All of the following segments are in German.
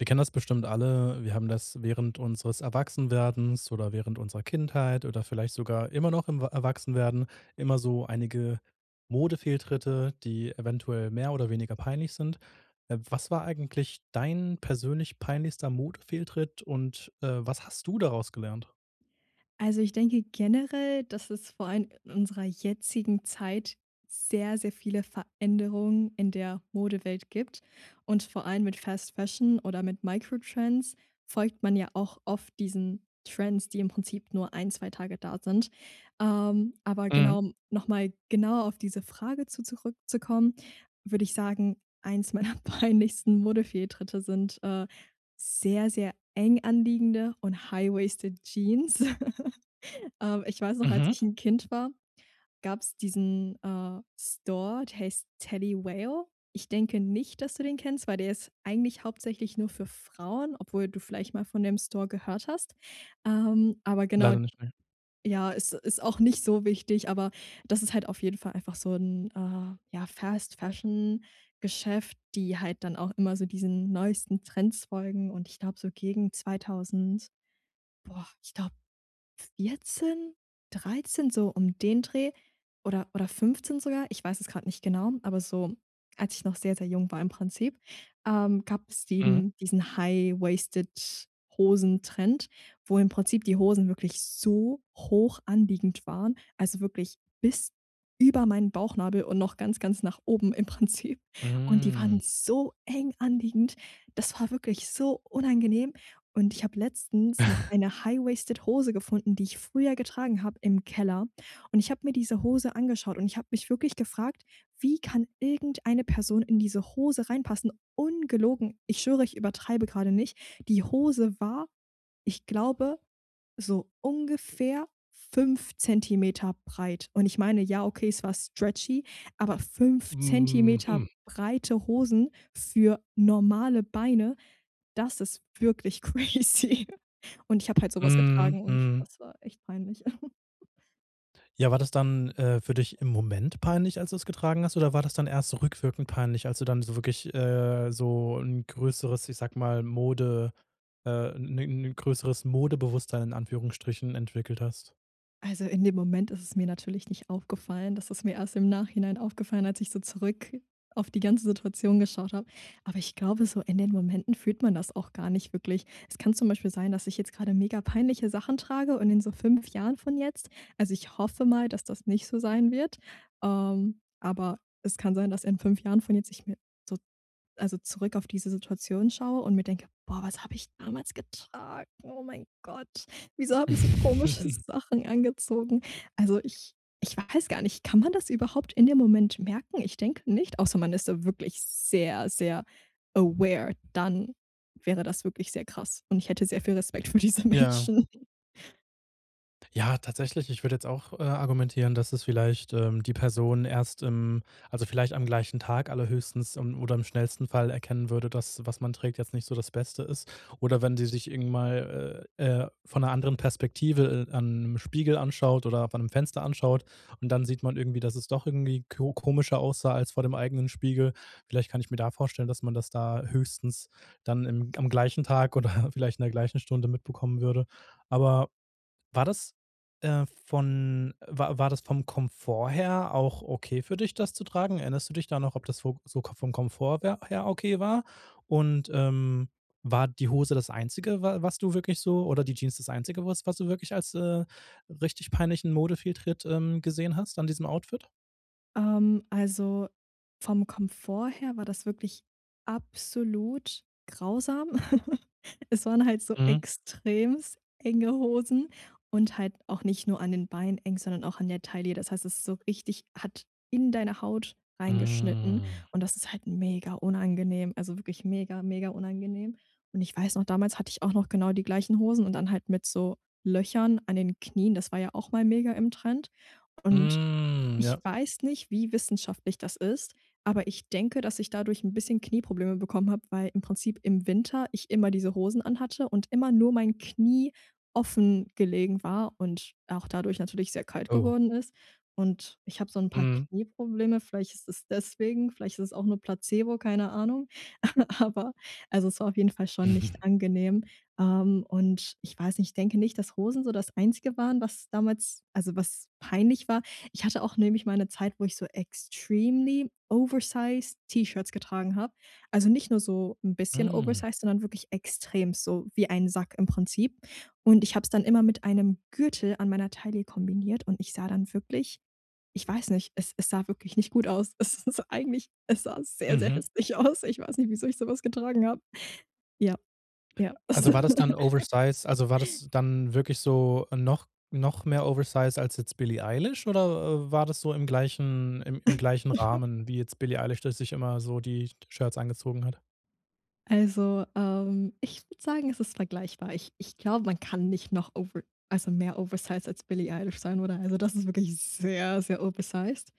Wir kennen das bestimmt alle. Wir haben das während unseres Erwachsenwerdens oder während unserer Kindheit oder vielleicht sogar immer noch im wa Erwachsenwerden immer so einige Modefehltritte, die eventuell mehr oder weniger peinlich sind. Äh, was war eigentlich dein persönlich peinlichster Modefehltritt? Und, äh, was hast du daraus gelernt? Also, ich denke generell, dass es vor allem in unserer jetzigen Zeit sehr, sehr viele Veränderungen in der Modewelt gibt und vor allem mit Fast Fashion oder mit Microtrends folgt man ja auch oft diesen Trends, die im Prinzip nur 1, 2 Tage da sind. Ähm, aber Mhm. genau, um noch mal genauer auf diese Frage zu zurückzukommen, würde ich sagen, eins meiner peinlichsten Modefehltritte sind, äh, sehr, sehr eng anliegende und high-waisted Jeans. Ähm, ich weiß noch, als Mhm. ich 'n Kind war, gab's diesen, äh, Store, der heißt Teddy Whale. Ich denke nicht, dass du den kennst, weil der ist eigentlich hauptsächlich nur für Frauen, obwohl du vielleicht mal von dem Store gehört hast. Ähm, aber genau Leider nicht, ne. ja, ist ist auch nicht so wichtig, aber das ist halt auf jeden Fall einfach so 'n, äh, ja, Fast Fashion Geschäft, die halt dann auch immer so diesen neuesten Trends folgen. Und ich glaube, so gegen 2.000 boah, ich glaube, 14, 13 so um den Dreh, oder oder 15 sogar? Ich weiß es grad nicht genau, aber so als ich noch sehr, sehr jung war im Prinzip, ähm, gab es Mhm. eben diesen high-waisted Hosen-Trend, wo im Prinzip die Hosen wirklich so hoch anliegend waren, also wirklich bis über meinen Bauchnabel und noch ganz, ganz nach oben im Prinzip. Und die waren Mhm. so eng anliegend. Das war wirklich so unangenehm. Und ich habe letztens noch eine high-waisted Hose gefunden, die ich früher getragen habe im Keller. Und, ich habe mir diese Hose angeschaut und ich habe mich wirklich gefragt, wie kann irgendeine Person in diese Hose reinpassen? Ungelogen. Ich schwöre, ich übertreibe grade nicht. Die Hose war, ich glaube, so ungefähr 5 cm breit. Und ich meine, ja, okay, es war stretchy, aber 5 cm Mhm. breite Hosen für normale Beine, das ist wirklich crazy. Und ich habe halt so was Mhm. getragen und Mhm. das war echt peinlich. Ja, war das dann, äh, für dich im Moment peinlich, als du es getragen hast? Oder war das dann erst so rückwirkend peinlich, als du dann so wirklich, äh, so 'n größeres, ich sage mal, Mode, äh 'ne 'ne größeres Modebewusstsein in Anführungsstrichen entwickelt hast? Also, in dem Moment ist es mir natürlich nicht aufgefallen. Das ist mir erst im Nachhinein aufgefallen, als ich so zurück auf die ganze Situation geschaut habe. Aber ich glaube so, in den Momenten fühlt man das auch gar nicht wirklich. Es kann zum Beispiel sein, dass ich jetzt gerade mega-peinliche Sachen trage und in so 5 Jahren von jetzt also, ich hoffe mal, dass das nicht so sein wird, ähm, aber es kann sein, dass in 5 Jahren von jetzt ich mir so also, zurück auf diese Situation schaue und mir denke: „Boah, was habe ich damals getragen? Oh mein Gott, wieso habe ich so komische Sachen angezogen?“ Also, ich ich weiß gar nicht, kann man das überhaupt in dem Moment merken? Ich denke nicht, außer man ist da wirklich sehr, sehr, aware, dann wäre das wirklich sehr krass und ich hätte sehr viel Respekt für diese Ja. Menschen. Ja, tatsächlich, ich würde jetzt auch, äh, argumentieren, dass es vielleicht, ähm, die Person erst im also, vielleicht am gleichen Tag allerhöchstens, ähm, oder im schnellsten Fall erkennen würde, dass, was man trägt, jetzt nicht so das Beste ist. Oder wenn sie sich irgend mal, äh, von 'ner anderen Perspektive, äh, an 'nem Spiegel anschaut oder an 'nem Fenster anschaut und dann sieht man irgendwie, dass es doch irgendwie ko komischer aussah als vor dem eigenen Spiegel. Vielleicht kann ich mir da vorstellen, dass man das da höchstens dann im am gleichen Tag oder vielleicht in der gleichen Stunde mitbekommen würde. Aber war das, äh, von war war das vom Komfort her auch okay für dich, das zu tragen? Erinnerst du dich da noch, ob das vo so Ko vom Komfort wer her okay war? Und, ähm, war die Hose das Einzige, wa was du wirklich so oder die Jeans das Einzige, was du wirklich als, äh, richtig peinlichen Modefehltritt, ähm, gesehen hast an diesem Outfit? Ähm, also vom Komfort her war das wirklich absolut grausam. Es waren halt so Mhm. extrem enge Hosen und halt auch nicht nur an den Beinen eng, sondern auch an der Taille. Das heißt, es ist so richtig hat in deine Haut reingeschnitten Mhm. und das ist halt mega unangenehm, also wirklich mega, mega unangenehm. Und, ich weiß noch, damals hatte ich auch noch genau die gleichen Hosen und dann halt mit so Löchern an den Knien. Das war ja auch mal mega im Trend. Und, Mhm, ich ja. weiß nicht, wie wissenschaftlich das ist, aber ich denke, dass ich dadurch 'n bisschen Knieprobleme bekommen habe, weil im Prinzip im Winter ich immer diese Hosen anhatte und immer nur mein Knie offen gelegen war und auch dadurch natürlich sehr kalt Oh. geworden ist. Und ich habe so 'n paar Mhm. Knieprobleme, vielleicht ist es deswegen, vielleicht ist es auch nur Placebo, keine Ahnung. Aber also, es war auf jeden Fall schon nicht angenehm. Ähm, und ich weiß nicht, ich denke nicht, dass Hosen so das Einzige waren, was damals also was peinlich war. Ich hatte auch nämlich mal 'ne Zeit, wo ich so extremely oversized T-Shirts getragen habe. Also, nicht nur so 'n bisschen Mhm. oversized, sondern wirklich extrem, so wie ein Sack im Prinzip. Und ich habe es dann immer mit einem Gürtel an meiner Taille kombiniert und ich sah dann wirklich ich weiß nicht, es es sah wirklich nicht gut aus. Es ist eigentlich es sah sehr, sehr Mhm. hässlich aus. Ich weiß nicht, wieso ich so was getragen habe. Ja, ja. [unintelligible] Also, war das dann oversize also, war das dann wirklich so noch noch mehr oversize als jetzt Billie Eilish oder war das so im gleichen im im gleichen Rahmen, wie jetzt Billie Eilish das sich immer so die Sh Shirts angezogen hat? Also, ähm, ich würde sagen, es ist vergleichbar. Ich ich glaube, man kann nicht noch over, also mehr oversized als Billie Eilish sein oder? Also, das ist wirklich sehr, sehr oversized,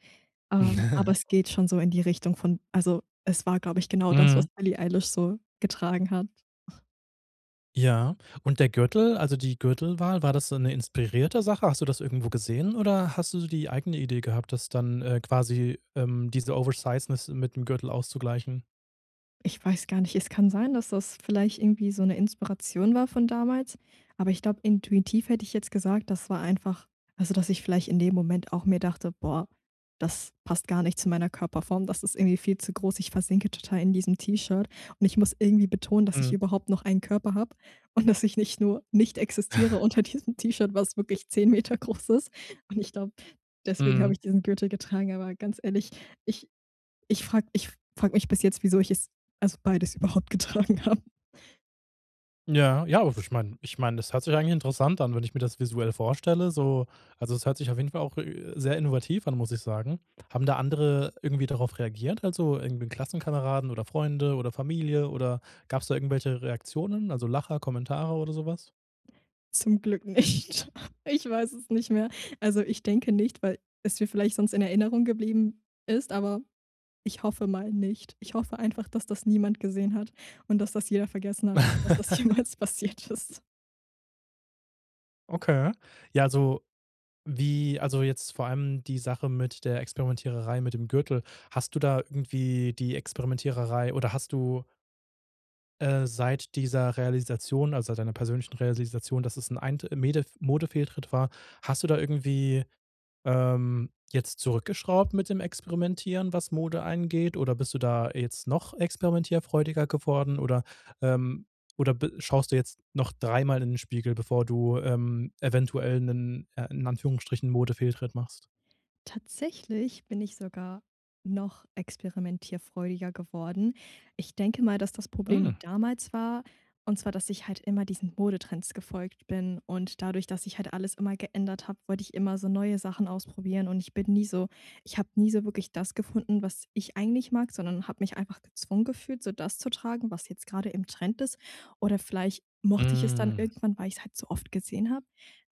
ähm, aber es geht schon so in die Richtung von also, es war, glaube ich, genau das, was Mhm. Billie Eilish so getragen hat. Ja. Und der Gürtel also die Gürtelwahl, war das so 'ne inspirierte Sache? Hast du das irgendwo gesehen oder hast du so die eigene Idee gehabt, das dann, äh, quasi, ähm, diese Oversizeness mit 'nem Gürtel auszugleichen? Ich weiß gar nicht, es kann sein, dass das vielleicht irgendwie so 'ne Inspiration war von damals, aber ich glaube, intuitiv hätte ich jetzt gesagt, das war einfach also, dass ich vielleicht in dem Moment auch mir dachte: „Boah, das passt gar nicht zu meiner Körperform. Das ist irgendwie viel zu groß. Ich versinke total in diesem T-Shirt und ich muss irgendwie betonen, dass ich Mhm. überhaupt noch einen Körper habe und dass ich nicht nur nicht existiere unter diesem T-Shirt, was wirklich 10 Meter groß ist.“ Und ich glaube, deswegen habe Mhm. ich diesen Gürtel getragen, aber ganz ehrlich, ich ich frage ich frage mich bis jetzt, wieso ich es also beides überhaupt getragen habe. Ja, ja, also, ich meine ich meine, das hört sich eigentlich interessant an, wenn ich mir das visuell vorstelle, so. Also, es hört sich auf jeden Fall auch, äh, sehr innovativ an, muss ich sagen. Haben da andere irgendwie darauf reagiert, also, irgendwie Klassenkameraden oder Freunde oder Familie oder gab es da irgendwelche Reaktionen, also, Lacher, Kommentare oder so was? Zum Glück nicht. Ich weiß es nicht mehr. Also, ich denke nicht, weil es mir vielleicht sonst in Erinnerung geblieben ist, aber ich hoffe mal nicht. Ich hoffe einfach, dass das niemand gesehen hat und dass das jeder vergessen hat, dass das jemals passiert ist. Okay. Ja, so wie also, jetzt vor allem die Sache mit der Experimentiererei mit dem Gürtel. Hast du da irgendwie die Experimentiererei oder hast du äh, seit dieser Realisation, also, seit deiner persönlichen Realisation, dass es 'n ein t Medef Modefehltritt war, hast du da irgendwie, ähm, jetzt zurückgeschraubt mit dem Experimentieren, was Mode angeht? Oder bist du da jetzt noch experimentierfreudiger geworden? Oder, ähm, oder be schaust du jetzt noch 3-mal in den Spiegel, bevor du, ähm, eventuell 'nen, äh, in Anführungsstrichen Modefehltritt machst? Tatsächlich bin ich sogar noch experimentierfreudiger geworden. Ich denke mal, dass das Problem Hm. damals war und zwar, dass ich halt immer diesen Modetrends gefolgt bin und dadurch, dass ich halt alles immer geändert habe, wollte ich immer so neue Sachen ausprobieren und ich bin nie so ich habe nie so wirklich das gefunden, was ich eigentlich mag, sondern habe mich einfach gezwungen gefühlt, so das zu tragen, was jetzt gerade im Trend ist. Oder vielleicht mochte ich es dann Hm. irgendwann, weil ich es halt so oft gesehen habe.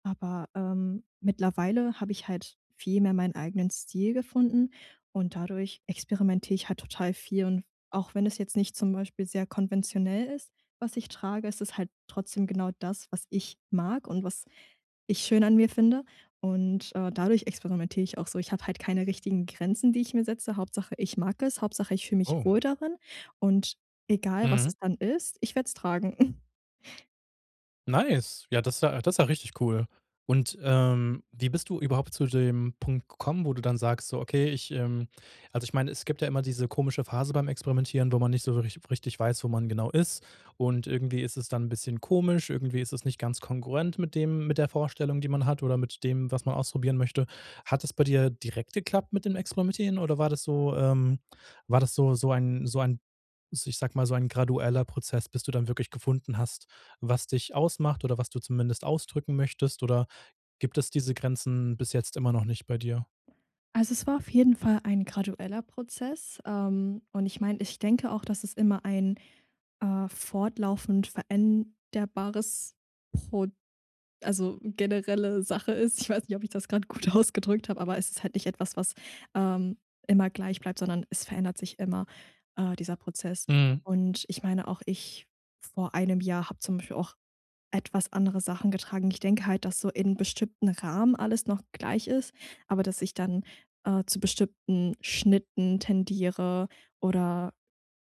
Aber, ähm, mittlerweile habe ich halt viel mehr meinen eigenen Stil gefunden und dadurch experimentiere ich halt total viel. Und auch wenn es jetzt nicht zum Beispiel sehr konventionell ist, was ich trage, ist es halt trotzdem genau das, was ich mag und was ich schön an mir finde. Und, äh, dadurch experimentiere ich auch so, ich hab halt keine richtigen Grenzen, die ich mir setze. Hauptsache, ich mag es. Hauptsache, ich fühle mich Oh. wohl darin und egal, was es Mhm. dann ist, ich werde es tragen. Nice. Ja, das ja das ist ja richtig cool. Und, ähm, wie bist du überhaupt zu dem Punkt gekommen, wo du dann sagst, so: „Okay, ich, ähm“ also, ich meine, es gibt ja immer diese komische Phase beim Experimentieren, wo man nicht so wirklich richtig weiß, wo man genau ist. Und irgendwie ist es dann 'n bisschen komisch, irgendwie ist es nicht ganz kongruent mit dem mit der Vorstellung, die man hat oder mit dem, was man ausprobieren möchte. Hat es bei dir direkt geklappt mit dem Experimentieren oder war das so, ähm war das so so ein so ein, s ich sag mal, so ein gradueller Prozess, bis du dann wirklich gefunden hast, was dich ausmacht oder was du zumindest ausdrücken möchtest? Oder gibt es diese Grenzen bis jetzt immer noch nicht bei dir? Also, es war auf jeden Fall ein gradueller Prozess, ähm, und ich meine ich denke auch, dass es immer ein, äh, fortlaufend veränderbares Prod also, generelle Sache ist. Ich weiß nicht, ob ich das grade gut ausgedrückt habe, aber es ist halt nicht etwas, was, ähm, immer gleich bleibt, sondern es verändert sich immer, äh, dieser Prozess. Mhm. Und, ich meine auch, ich vor 1 Jahr habe zum Beispiel auch etwas andere Sachen getragen. Ich denke halt, dass so in bestimmten Rahmen alles noch gleich ist, aber dass ich dann, äh, zu bestimmten Schnitten tendiere oder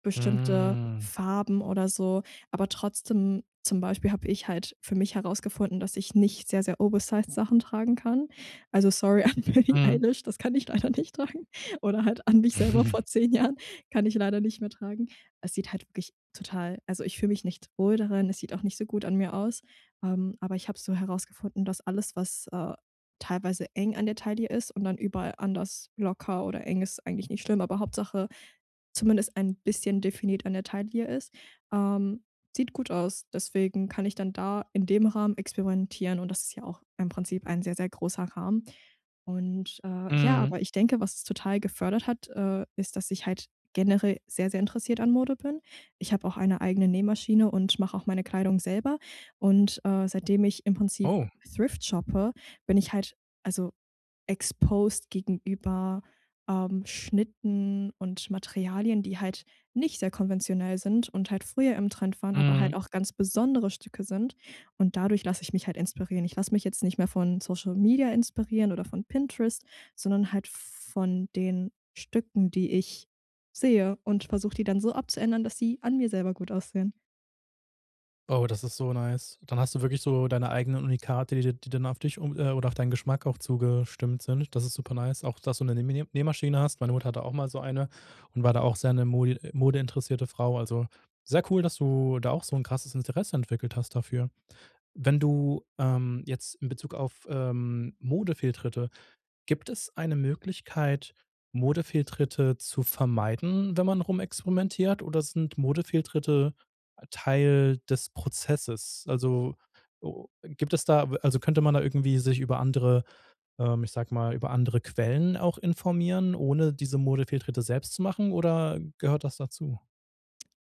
bestimmte Hm. Farben oder so. Aber trotzdem zum Beispiel habe ich halt für mich herausgefunden, dass ich nicht sehr, sehr oversized Sachen tragen kann. Also, sorry an Billy Mhm. Eilish, das kann ich leider nicht tragen oder halt an mich selber vor 10 Jahren. Kann ich leider nicht mehr tragen. Es sieht halt wirklich total also, ich fühle mich nicht wohl darin, es sieht auch nicht so gut an mir aus, ähm, aber ich habe so herausgefunden, dass alles, was, äh, teilweise eng an der Taille ist und dann überall anders locker oder eng ist, eigentlich nicht schlimm, aber Hauptsache, zumindest ein bisschen definiert an der Taille ist. Ähm, sieht gut aus, deswegen kann ich dann da in dem Rahmen experimentieren und das ist ja auch im Prinzip ein sehr, sehr großer Rahmen. Und, äh, ja, Mhm. aber ich denke, was es total gefördert hat, äh, ist, dass ich halt generell sehr, sehr interessiert an Mode bin. Ich habe auch eine eigene Nähmaschine und mache auch meine Kleidung selber und, äh, seitdem ich im Prinzip Oh. thrift shoppe, bin ich halt also, exposed gegenüber, ähm, Schnitten und Materialien, die halt nicht sehr konventionell sind und halt früher im Trend waren, aber halt Mhm. auch ganz besondere Stücke sind. Und dadurch lasse ich mich halt inspirieren. Ich lasse mich jetzt nicht mehr von Social Media inspirieren oder von Pinterest, sondern halt v von den Stücken, die ich sehe und versuche die dann so abzuändern, dass sie an mir selber gut aussehen. Oh, das ist so nice. Dann hast du wirklich so deine eigenen Unikate, die dir die dann auf dich oder, äh, auf deinen Geschmack auch zugestimmt sind. Das ist super nice. Auch, dass du 'ne Nähmine Nähmaschine hast, meine Mutter hatte auch mal so eine und war da auch sehr 'ne modi äh, modeinteressierte Frau. Also, sehr cool, dass du da auch so 'n krasses Interesse entwickelt hast dafür. Wenn du ähm, jetzt in Bezug auf, ähm, Modefehltritte, gibt es eine Möglichkeit, Modefehltritte zu vermeiden, wenn man rumexperimentiert oder sind Modefehlritte Teil des Prozesses? Also, o gibt es da w also könnte man da irgendwie sich über andere, ähm ich sage mal, über andere Quellen auch informieren, ohne diese Modefehltritte selbst zu machen? Oder gehört das dazu?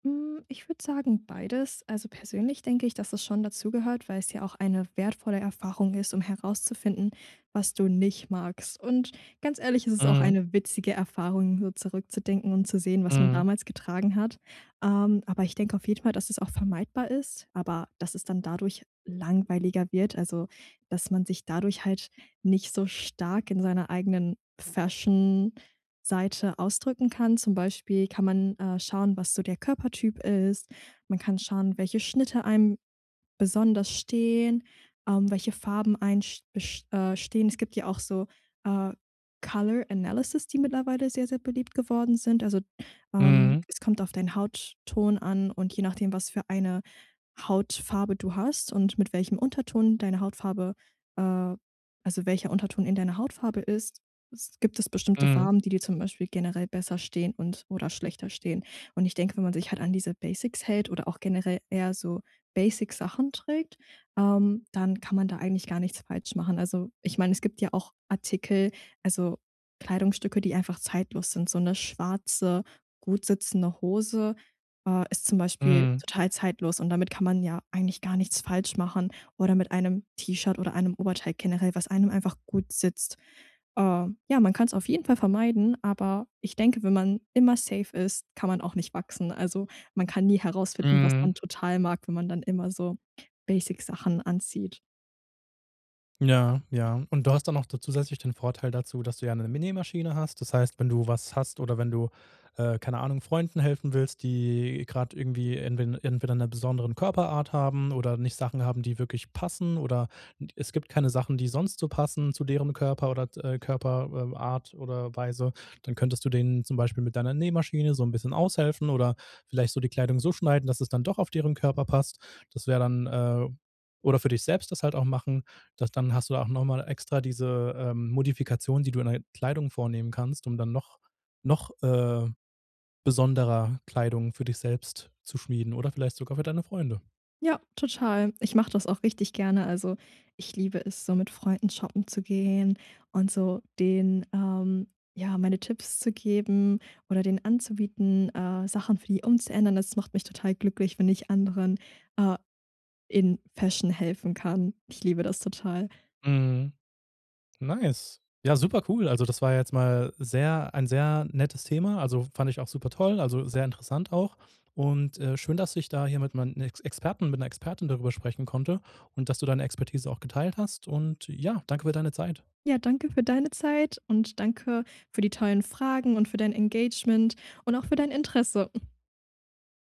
Hm, ich würde sagen, beides. Also, persönlich denke ich, dass es schon dazugehört, weil es ja auch eine wertvolle Erfahrung ist, um herauszufinden, was du nicht magst. Und, ganz ehrlich, es ist auch Mhm. eine witzige Erfahrung, so zurückzudenken und zu sehen, was man Mhm. damals getragen hat. Ähm, aber ich denke auf jeden Fall, dass es auch vermeidbar ist, aber dass es dann dadurch langweiliger wird, also dass man sich dadurch halt nicht so stark in seiner eigenen Fashion-Seite ausdrücken kann. Zum Beispiel kann man, äh, schauen, was so der Körpertyp ist. Man kann schauen, welche Schnitte einem besonders stehen, ähm, welche Farben einen st best äh, stehen. Es gibt ja auch so, äh, Color Analysis, die mittlerweile sehr, sehr beliebt geworden sind. Also, ähm, Mhm. es kommt auf deinen Hautton an und je nachdem, was für eine Hautfarbe du hast und mit welchem Unterton deine Hautfarbe äh, also welcher Unterton in deiner Hautfarbe ist, s gibt es bestimmte Mhm. Farben, die dir zum Beispiel generell besser stehen und oder schlechter stehen. Und ich denke, wenn man sich halt an diese Basics hält oder auch generell eher so Basic Sachen trägt, ähm, dann kann man da eigentlich gar nichts falsch machen. Also, ich meine, es gibt ja auch Artikel, also Kleidungsstücke, die einfach zeitlos sind. So 'ne schwarze, gut sitzende Hose, äh, ist zum Beispiel Mhm. total zeitlos und damit kann man ja eigentlich gar nichts falsch machen oder mit einem T-Shirt oder einem Oberteil generell, was einem einfach gut sitzt. Äh, ja, man kann's auf jeden Fall vermeiden, aber ich denke, wenn man immer safe ist, kann man auch nicht wachsen. Also, man kann nie herausfinden, was man Mhm. total mag, wenn man dann immer so Basic Sachen anzieht. Ja, ja. Und du hast dann auch da zusätzlich den Vorteil dazu, dass du ja 'ne M Nähmaschine hast. Das heißt, wenn du was hast oder wenn du, äh, keine Ahnung, Freunden helfen willst, die grade irgendwie entwe entweder 'ne besonderen Körperart haben oder nicht Sachen haben, die wirklich passen oder d es gibt keine Sachen, die sonst so passen zu derem Körper oder, äh, Körper äh, Art oder Weise, dann könntest du denen zum Beispiel mit deiner Nähmaschine so 'n bisschen aushelfen oder vielleicht so die Kleidung so schneiden, dass es dann doch auf deren Körper passt. Das wäre dann, äh oder für dich selbst das halt auch machen. Das dann hast du auch noch mal extra diese, ähm, Modifikation, die du in der Kleidung vornehmen kannst, um dann noch noch, äh, besonderer Kleidung für dich selbst zu schmieden oder vielleicht sogar für deine Freunde. Ja, total. Ich mache das auch richtig gerne. Also, ich liebe es, so mit Freunden shoppen zu gehen und so denen, ähm, ja, meine Tipps zu geben oder denen anzubieten, äh, Sachen für die umzuändern. Das macht mich total glücklich, wenn ich anderen, äh, in Fashion helfen kann. Ich liebe das total. Mhm. Nice. Ja, super cool. Also, das war ja jetzt mal sehr ein sehr nettes Thema, also, fand ich auch supertoll, also, sehr interessant auch. Und, äh, schön, dass ich da hier mit mein Ex Experten mit 'ner Expertin darüber sprechen konnte und dass du deine Expertise auch geteilt hast. Und ja, danke für deine Zeit. Ja, danke für deine Zeit und danke für die tollen Fragen und für dein Engagement und auch für dein Interesse.